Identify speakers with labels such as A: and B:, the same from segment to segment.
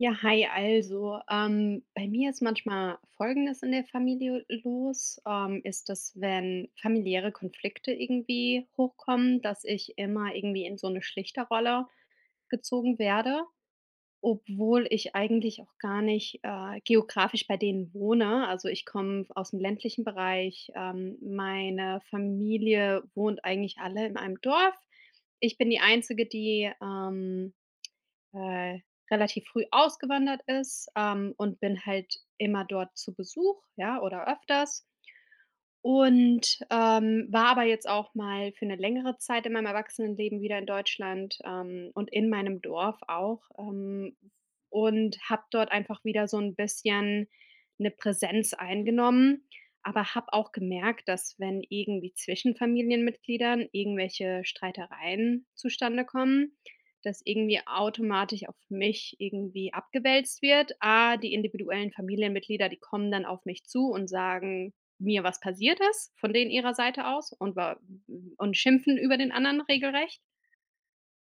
A: Ja, hi, also, ähm, bei mir ist manchmal Folgendes in der Familie los: Ähm, ist das, wenn familiäre Konflikte irgendwie hochkommen, dass ich immer irgendwie in so 'ne Schlichter-Rolle gezogen werde, obwohl ich eigentlich auch gar nicht, äh, geografisch bei denen wohne. Also, ich komm aus'm ländlichen Bereich. Ähm, meine Familie wohnt eigentlich alle in einem Dorf. Ich bin die Einzige, die, ähm, äh, relativ früh ausgewandert ist, ähm, und bin halt immer dort zu Besuch, ja, oder öfters. Und, ähm, war aber jetzt auch mal für 'ne längere Zeit in meinem Erwachsenenleben wieder in Deutschland, ähm, und in meinem Dorf auch, ähm, und habe dort einfach wieder so 'n bisschen 'ne Präsenz eingenommen, aber habe auch gemerkt, dass wenn irgendwie zwischen Familienmitgliedern irgendwelche Streitereien zustande kommen, dass irgendwie automatisch auf mich irgendwie abgewälzt wird. A, die individuellen Familienmitglieder die kommen dann auf mich zu und sagen mir was passiert ist von denen ihrer Seite aus und wa und schimpfen über den anderen regelrecht.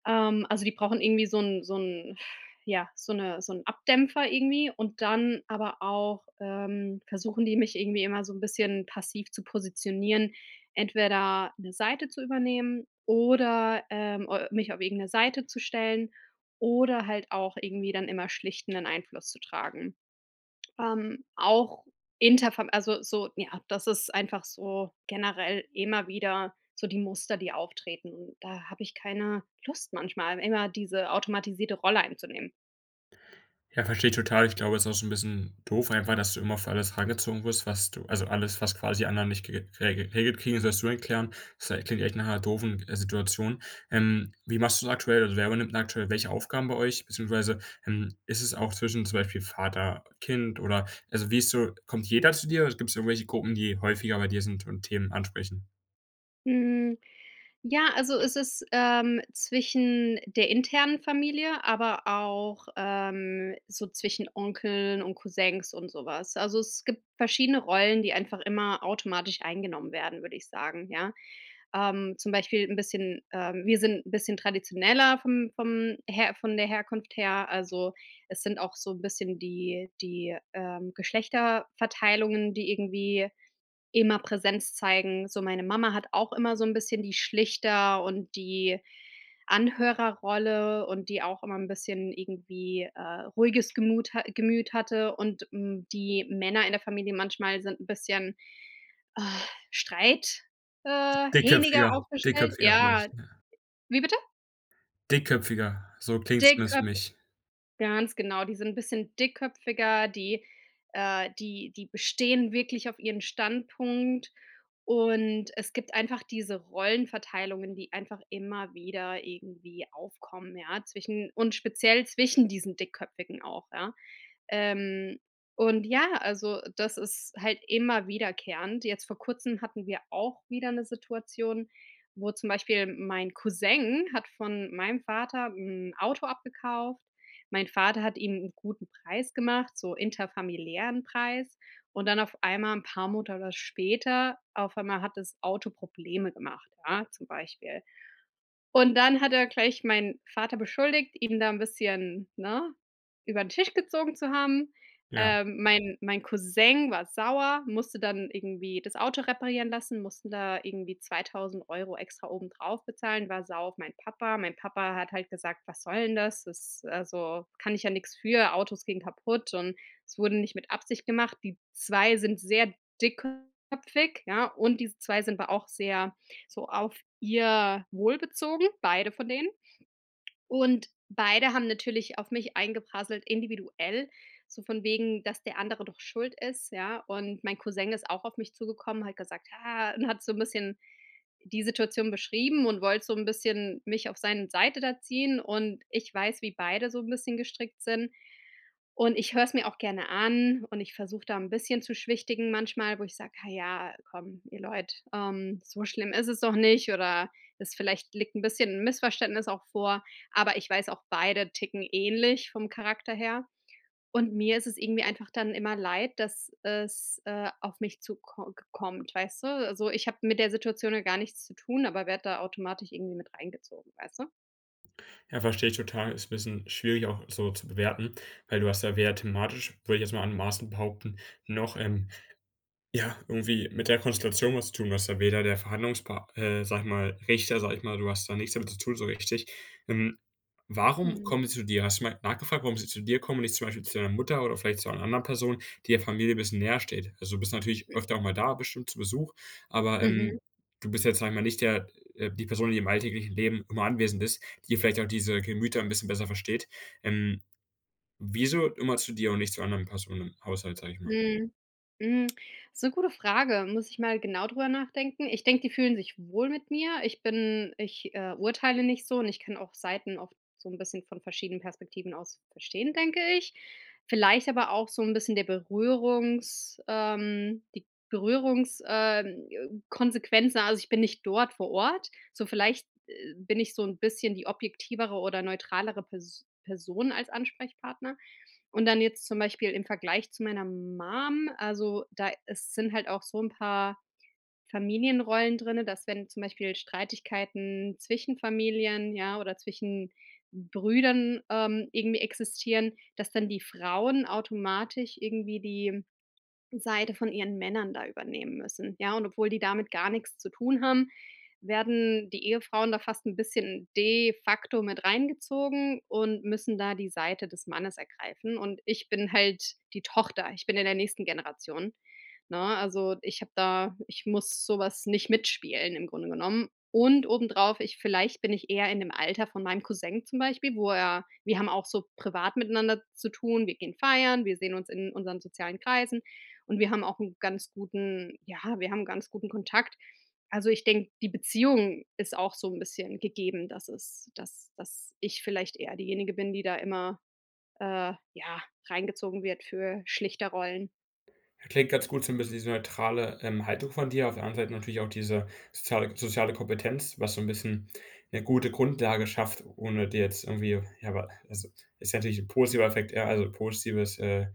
A: Ähm, also, die brauchen irgendwie so 'n so 'n, ja, so 'ne so 'n Abdämpfer irgendwie und dann aber auch, ähm, versuchen die mich irgendwie immer so 'n bisschen passiv zu positionieren, entweder 'ne Seite zu übernehmen oder, ähm, äh mich auf irgend 'ne Seite zu stellen oder halt auch irgendwie dann immer schlichtenen Einfluss zu tragen. Ähm, auch inter vom also, so, ja, das ist einfach so generell immer wieder so die Muster die auftreten. Und da hab ich keine Lust manchmal, immer diese automatisierte Rolle einzunehmen.
B: Ja, versteh ich total. Ich glaube, es ist auch schon so 'n bisschen doof einfach, dass du immer für alles herangezogen wirst, was du also alles, was quasi anderen nicht ge rege regelt kriegen, das wirst du dann klären. Das klingt echt nach 'ner doofen, äh, Situation. Ähm, wie machst du's aktuell, also wer übernimmt denn aktuell welche Aufgaben bei euch? Beziehungsweise, ähm, ist es auch zwischen zum Beispiel Vater, Kind oder also, wie ist so kommt jeder zu dir oder gibt's da irgendwelche Gruppen, die häufiger bei dir sind und Themen ansprechen?
A: Hm, ja also es ist, ähm, zwischen der internen Familie, aber auch, ähm, so zwischen Onkeln und Cousins und so was. Also, es gibt verschiedene Rollen, die einfach immer automatisch eingenommen werden, würde ich sagen, ja. Ähm, zum Beispiel 'n bisschen, ähm wir sind 'n bisschen traditioneller vom vom Her von der Herkunft her. Also, es sind auch so 'n bisschen die die, ähm, Geschlechterverteilungen, die irgendwie immer Präsenz zeigen. So, meine Mama hat auch immer so 'n bisschen die Schlichter und die Anhörerrolle und die auch immer 'n bisschen irgendwie, äh, ruhiges Gemut ha Gemüt hatte, und, hm, die Männer in der Familie manchmal sind 'n bisschen, äh, streit, äh,
B: Dickköpfiger.
A: hähniger aufgestellt.
B: Dickköpfiger
A: Ja.
B: vielleicht, ja.
A: Wie bitte?
B: Dickköpfiger- so klingt's zumindest für
A: Dickköp
B: mich.
A: Ganz genau, die sind 'n bisschen dickköpfiger, die äh, die die bestehen wirklich auf ihren Standpunkt, und es gibt einfach diese Rollenverteilungen, die einfach immer wieder irgendwie aufkommen, ja, zwischen und speziell zwischen diesen Dickköpfigen auch, ja. Ähm, und ja, also, das ist halt immer wiederkehrend. Jetzt vor Kurzem hatten wir auch wieder 'ne Situation, wo zum Beispiel mein Cousin hat von meinem Vater 'n Auto abgekauft. Mein Vater hat ihm 'n guten Preis gemacht, so interfamiliären Preis und dann auf einmal 'n paar Monate später auf einmal hat das Auto Probleme gemacht, ja, zum Beispiel. Und dann hat er gleich meinen Vater beschuldigt, ihm da 'n bisschen, ne, übern Tisch gezogen zu haben.
B: Ja.
A: Ähm, mein mein Cousin war sauer, musste dann irgendwie das Auto reparieren lassen, mussten da irgendwie 2.000 € extra obendrauf bezahlen, war sauer auf meinen Papa. Mein Papa hat halt gesagt: „Was soll 'n das? Das, äh, also kann ich ja nichts für. Autos gehen kaputt, und es wurde nicht mit Absicht gemacht.“ Die 2 sind sehr dickköpfig, ja, und diese 2 sind aber auch sehr so auf ihr Wohl bezogen, beide von denen. Und beide haben natürlich auf mich eingeprasselt individuell, so von wegen, „dass der andere doch schuld ist“, ja, und mein Cousin ist auch auf mich zugekommen, hat gesagt „Ja“, und hat so'n bisschen die Situation beschrieben und wollte so 'n bisschen mich auf seine Seite da ziehen, und ich weiß, wie beide so 'n bisschen gestrickt sind, und ich höre es mir auch gerne an, und ich versuche da 'n bisschen zu schwichtigen manchmal, wo ich sage: „Ha ja, komm, ihr Leute, ähm, so schlimm isses doch nicht oder es vielleicht liegt 'n bisschen 'n Missverständnis auch vor.“ Aber ich weiß auch beide ticken ähnlich vom Charakter her, und mir isses irgendwie einfach dann immer leid, dass es, äh, auf mich zuko gekommt, weißt du? Also, ich habe mit der Situation ja gar nichts zu tun, aber werde da automatisch irgendwie mit reingezogen, weißt du?
B: Ja, versteh ich total. Ist 'n bisschen schwierig, auch so zu bewerten, weil du hast ja weder thematisch, würde ich jetzt mal anmaßend behaupten, noch, ähm, ja, irgendwie mit der Konstellation was tun, du bist da weder der Verhandlungspa äh, sag ich mal Richter, sag ich mal du hast da nichts damit zu tun, so richtig. Ähm, warum
A: Mhm.
B: kommen sie zu dir? Hast du mal nachgefragt, warum sie zu dir kommen und nicht zum Beispiel zu deiner Mutter oder vielleicht zu einer anderen Person, die der Familie bisschen näher steht? Also, du bist natürlich öfter auch mal da bestimmt zu Besuch, aber,
A: Mhm.
B: ähm, du bist jetzt, sage ich mal, nicht der äh, die Person, die im alltäglichen Leben immer anwesend ist, die vielleicht auch diese Gemüter 'n bisschen besser versteht. Ähm, wieso immer zu dir und nicht zu anderen Personen im Haushalt, sage ich mal?
A: Mhm, mhm, ist 'ne gute Frage, muss ich mal genau drüber nachdenken. Ich denke, die fühlen sich wohl mit mir. Ich bin ich, äh, urteile nicht so und ich kann auch Seiten oft so 'n bisschen von verschiedenen Perspektiven aus verstehen, denke ich. Vielleicht aber auch so 'n bisschen der Berührungs ähm, die Berührungs äh, Konsequenzen. Also, ich bin nicht dort vor Ort. So vielleicht, äh, bin ich so 'n bisschen die objektivere oder neutralere Pers Person als Ansprechpartner. Und dann jetzt zum Beispiel im Vergleich zu meiner Mum, also da ist sind halt auch so 'n paar Familienrollen drinne, dass wenn zum Beispiel Streitigkeiten zwischen Familien, ja, oder zwischen Brüdern, ähm, irgendwie existieren, dass dann die Frauen automatisch irgendwie die Seite von ihren Männern da übernehmen müssen, ja? Und obwohl die damit gar nix zu tun haben, werden die Ehefrauen da fast 'n bisschen de facto mit reingezogen und müssen da die Seite des Mannes ergreifen, und ich bin halt die Tochter. Ich bin in der nächsten Generation, ne? Also, ich habe da ich muss sowas nicht mitspielen im Grunde genommen und obendrauf ich vielleicht bin ich eher in dem Alter von meinem Cousin zum Beispiel, wo er wir haben auch so privat miteinander zu tun. Wir gehen feiern, wir sehen uns in unseren sozialen Kreisen, und wir haben auch 'n ganz guten ja, wir haben 'n ganz guten Kontakt. Also ich denke, die Beziehung ist auch so 'n bisschen gegeben, dass es dass dass ich vielleicht eher diejenige bin, die da immer, äh, ja, reingezogen wird für Schlichterrollen.
B: Das klingt ganz gut so 'n bisschen diese neutrale, ähm, Haltung von dir. Auf der anderen Seite natürlich auch diese soziale soziale Kompetenz, was so 'n bisschen 'ne gute Grundlage schafft, ohne dir jetzt irgendwie ja, aber also, ist natürlich 'n positiver Effekt, ja, also positives äh,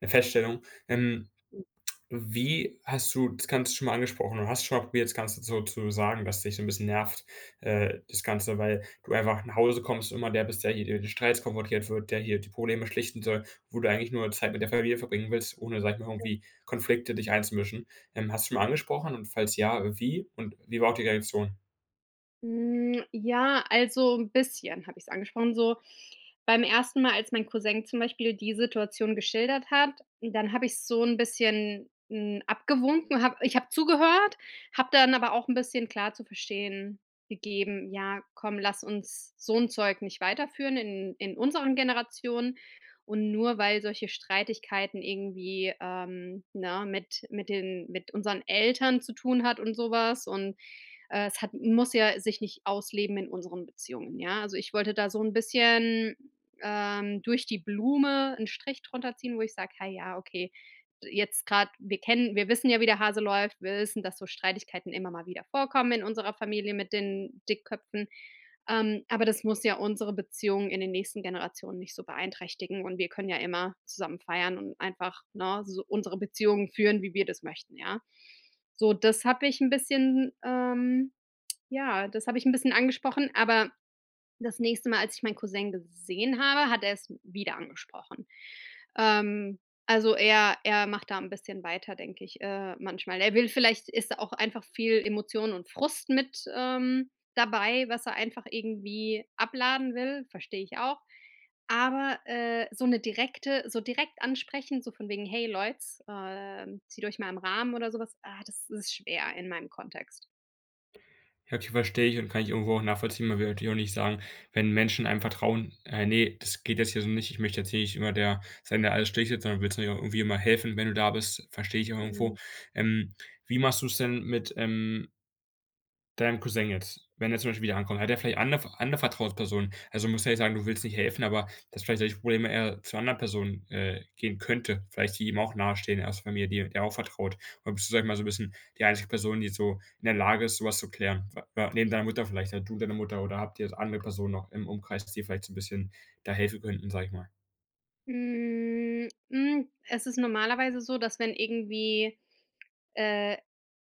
B: 'ne Feststellung. Ähm, wie hast du das ganze schon mal angesprochen, oder hast schon mal probiert, das ganze so zu sagen, dass dich so 'n bisschen nervt, äh das ganze, weil du einfach nach Hause kommst und immer der bist, der hier die Streits konfrontiert wird der hier die Probleme schlichten soll, wo du eigentlich nur Zeit mit der Familie verbringen willst, ohne, sage ich mal,
A: Ja.
B: irgendwie Konflikte dich einzumischen. Ähm, hast du schon mal angesprochen und falls ja, wie und wie war die Reaktion?
A: Hm, ja, also 'n bisschen habe ich's angesprochen. So beim ersten Mal, als mein Cousin zum Beispiel die Situation geschildert hat, dann habe ich's so 'n bisschen, hm, abgewunken. Habe ich habe zugehört, habe dann aber auch 'n bisschen klar zu verstehen gegeben: „Ja, komm, lass uns so 'n Zeug nicht weiterführen in in unseren Generationen und nur, weil solche Streitigkeiten irgendwie, ähm, ne, mit mit den mit unseren Eltern zu tun hat und sowas und, äh, es hat muss ja sich nicht ausleben in unseren Beziehungen, ja?“ Also, ich wollte da so 'n bisschen, ähm, durch die Blume 'n Strich drunter ziehen, wo ich sag: „Hey, ja, okay, jetzt grad wir kennen wir wissen ja, wie der Hase läuft. Wir wissen, dass so Streitigkeiten immer mal wieder vorkommen in unserer Familie mit den Dickköpfen, ähm, aber das muss ja unsere Beziehung in den nächsten Generationen nicht so beeinträchtigen, und wir können ja immer zusammen feiern und einfach, ne, so unsere Beziehungen führen, wie wir das möchten, ja?“ So, das habe ich 'n bisschen, ähm ja, das habe ich 'n bisschen angesprochen, aber das nächste Mal, als ich meinen Cousin gesehen habe, hat er es wieder angesprochen. Ähm, also, er er macht da 'n bisschen weiter, denke ich, äh, manchmal. Er will vielleicht ist da auch einfach viel Emotionen und Frust mit, ähm, dabei, was er einfach irgendwie abladen will, verstehe ich auch. Aber, äh, so 'ne direkte so direkt ansprechen, so von wegen: „Hey Leute, ähm, zieht euch mal am Rahmen“ oder sowas. Ah, das ist schwer in meinem Kontext.
B: Ja, [unintelligible] verstehe ich und kann ich irgendwo auch nachvollziehen, man will natürlich auch nicht sagen, wenn Menschen einem vertrauen, äh: „Ne, das geht jetzt hier so nicht. Ich möchte jetzt hier nicht immer der sein, der alles schlichtet“. Sondern willst natürlich auch irgendwie immer helfen, wenn du da bist, versteh ich auch
A: Mhm.
B: irgendwo, ähm. Wie machst du's denn mit, ähm deinem Cousin jetzt, wenn er zum Beispiel wieder ankommt? Hat der vielleicht andere andere Vertrauenspersonen? Also, musst ja jetzt nicht sagen, du willst nicht helfen, aber dass vielleicht solche Probleme er zu 'ner anderen Person, äh, gehen könnte. Vielleicht die ihm auch nahestehen, erste Familie die der er auch vertraut. Oder bist du, sag ich mal, so 'n bisschen die einzige Person, die jetzt so in der Lage ist, so was zu klären? Wa wa neben deiner Mutter vielleicht halt du und deine Mutter, oder habt ihr andere Personen noch im Umkreis, dass die da vielleicht so 'n bisschen da helfen könnten, sag ich mal?
A: Hm, mhm, es ist normalerweise so, dass wenn irgendwie, äh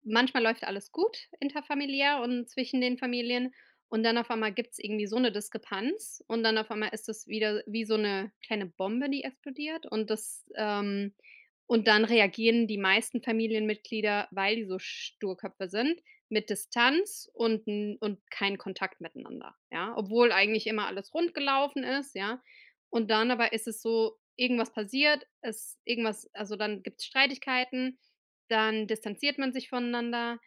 A: manchmal läuft alles gut interfamiliär und zwischen den Familien und dann auf einmal gibt's irgendwie so 'ne Diskrepanz und dann auf einmal ist es wieder, wie so 'ne kleine Bombe, die explodiert und das, ähm und dann reagieren die meisten Familienmitglieder, weil die so Sturköpfe sind, mit Distanz und 'n und kein Kontakt miteinander, ja? Obwohl eigentlich immer alles rund gelaufen ist, ja? Und dann aber ist es so: Irgendwas passiert, es irgendwas also, dann gibt's Streitigkeiten, dann distanziert man sich voneinander,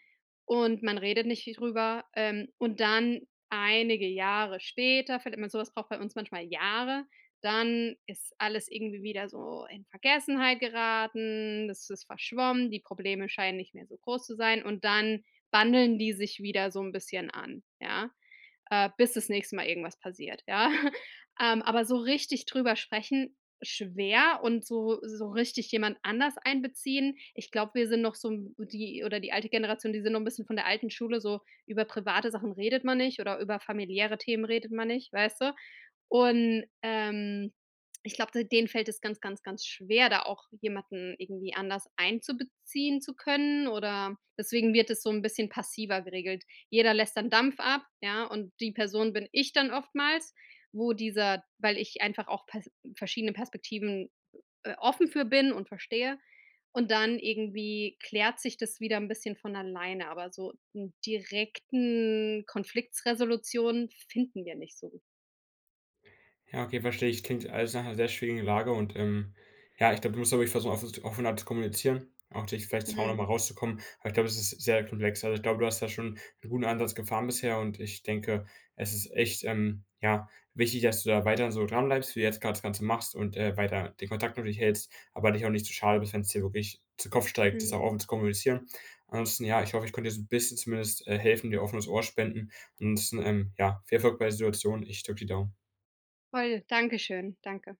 A: und man redet nicht viel drüber, ähm, und dann, einige Jahre später, findet man sowas braucht bei uns manchmal Jahre, dann ist alles irgendwie wieder so in Vergessenheit geraten, es ist verschwommen. Die Probleme scheinen nicht mehr so groß zu sein, und dann bandeln die sich wieder so 'n bisschen an, ja? Äh, bis das nächste Mal irgendwas passiert, ja? Ähm, aber so richtig drüber sprechen, schwer, und so so richtig jemand anders einbeziehen ich glaube, wir sind noch so 'n b die oder die alte Generation, die sind noch 'n bisschen von der alten Schule so: Über private Sachen redet man nicht, oder über familiäre Themen redet man nicht, weißt du? Und, ähm, ich glaube d denen fällt es ganz, ganz, ganz schwer, da auch jemanden irgendwie anders einzubeziehen zu können, oder deswegen wird das so 'n bisschen passiver geregelt. Jeder lässt dann Dampf ab, ja, und die Person bin ich dann oftmals, wo dieser weil ich einfach auch Pers verschiedene Perspektiven äh, offen für bin und verstehe und dann irgendwie klärt sich das wieder 'n bisschen von alleine, aber so n' direkten Konflikts-Resolutionen finden wir nicht so.
B: Ja, okay, verstehe ich, klingt alles nach 'ner sehr schwierigen Lage und, ähm, ja, ich glaube du musst auch wirklich versuchen offen offener zu kommunizieren, auch dich vielleicht zu Hause
A: Mhm.
B: mal rauszukommen. Aber ich glaube, das ist sehr komplex. Also, ich glaube, du hast da schon 'n guten Ansatz gefahren bisher. Und ich denke, es ist echt, ähm, ja, wichtig, dass du da weiterhin so dranbleibst, wie du jetzt grad das Ganze machst und, äh, weiter den Kontakt nur durchhältst, aber dich auch nicht zu schade bist, wenn's dir wirklich zu Kopf steigt, das
A: Mhm.
B: auch offen zu kommunizieren. Ansonsten ja, ich hoffe, ich konnte dir so 'n bisschen zumindest, äh, helfen, dir n' offenes Ohr spenden. Ansonsten, ähm, ja viel Erfolg bei der Situation. Ich drück die Daumen.
A: Voll! Dankeschön. Danke.